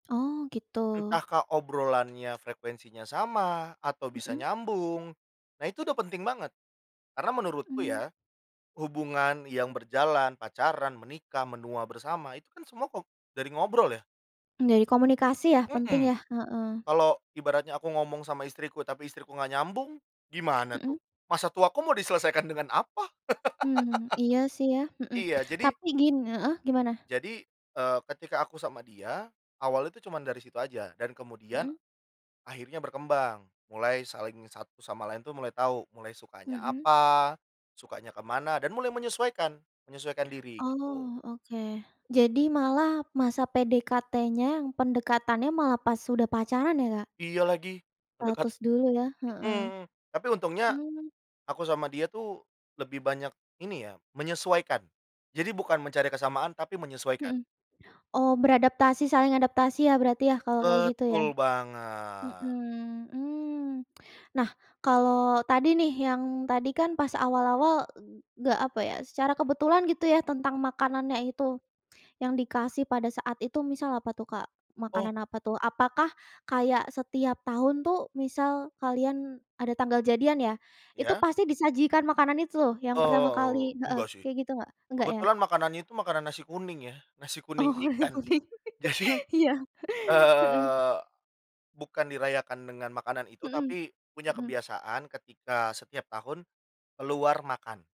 Oh, gitu. Entahkah obrolannya, frekuensinya sama atau bisa Mhm. nyambung. Nah itu udah penting banget, karena menurutku Mmm. ya, hubungan yang berjalan, pacaran, menikah, menua bersama itu kan semua kok, dari ngobrol ya. Dari komunikasi ya. Mmm. Penting ya, heeh. Kalau ibaratnya aku ngomong sama istriku, tapi istriku enggak nyambung, gimana tuh? Mhm. Masa tuaku mau diselesaikan dengan apa? Mmm. Iya sih ya, mhm. Iya, jadi Tapi gin heeh, gimana? jadi, eee, ketika aku sama dia, awalnya itu cuman dari situ aja dan kemudian, Mhm. akhirnya berkembang mulai saling satu sama lain tuh mulai tahu mulai sukanya Mhm. apa, sukanya ke mana dan mulai menyesuaikan, menyesuaikan diri, gitu. Oh, oke. Jadi malah masa PDKT-nya, pendekatannya malah pas sudah pacaran ya, Kak? Iya lagi, mendekat Ratus dulu ya heeh. mhm. Tapi untungnya Mmm. aku sama dia tuh lebih banyak ini ya menyesuaikan. Jadi bukan mencari kesamaan, tapi menyesuaikan. Mhm. Oh, beradaptasi saling adaptasi ya berarti ya kalau kayak gitu, ya. Betul banget. Mhm, mmm. Nah, kalau tadi nih yang tadi kan pas awal-awal e enggak apa ya? Secara kebetulan gitu ya tentang makanannya itu yang dikasih pada saat itu, misal apa tuh, Kak? Oh. Makanan apa tuh? Apakah kayak setiap tahun tuh misal kalian ada tanggal jadian ya? Itu Ya. pasti disajikan makanan itu loh yang pertama Oh, kali heeh, enggak sih. kayak gitu enggak? Enggak ya? Kebetulan makanannya itu makanan nasi kuning ya. Nasi kuning Oh, ikan. [unintelligible] Jadi, iya, heeh. eee, bukan dirayakan dengan makanan itu Mhm. tapi punya Mhm. kebiasaan ketika setiap tahun keluar makan.